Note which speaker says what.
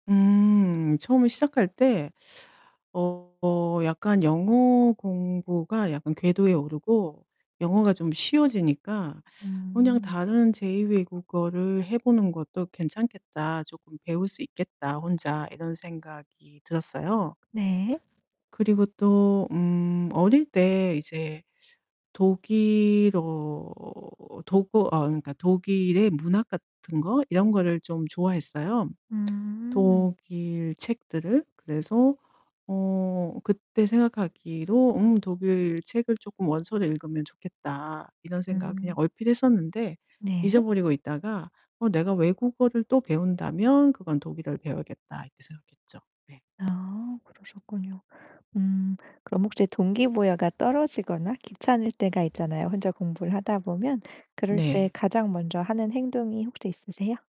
Speaker 1: 음 처음에 시작할 때 어 약간 영어 공부가 약간 궤도에 오르고 영어가 좀 쉬워지니까 '그냥
Speaker 2: 음.
Speaker 1: 다른 제2 외국어를 해 보는 것도 괜찮겠다, 쪼끔 배울 수 있겠다 혼자.' 이런 생각이 들었어요.
Speaker 2: 네.
Speaker 1: 그리고 또 음 어릴 때 이제 독일어, 독어 어 그러니까 독일의 문학 같은 거 이런 거를 좀 좋아했어요
Speaker 2: 음.
Speaker 1: 독일 책들을. 그래서 어 그때 생각하기로 음 '독일 책을 쪼끔 원서를 읽으면 좋겠다.' 이런 생각 그냥
Speaker 2: 음.
Speaker 1: 얼핏 했었는데
Speaker 2: 네.
Speaker 1: 잊어 버리고 있다가 '어 내가 외국어를 또 배운다면 그건 독일어를 배워야겠다.' 이렇게 생각했죠. 네.
Speaker 2: 아, 그러셨군요. 음. 그럼 혹시 동기부여가 떨어지거나 귀찮을 때가 있잖아요 혼자 공부를 하다 보면. 그럴 때
Speaker 1: 네.
Speaker 2: 가장 먼저 하는 행동이 혹시 있으세요?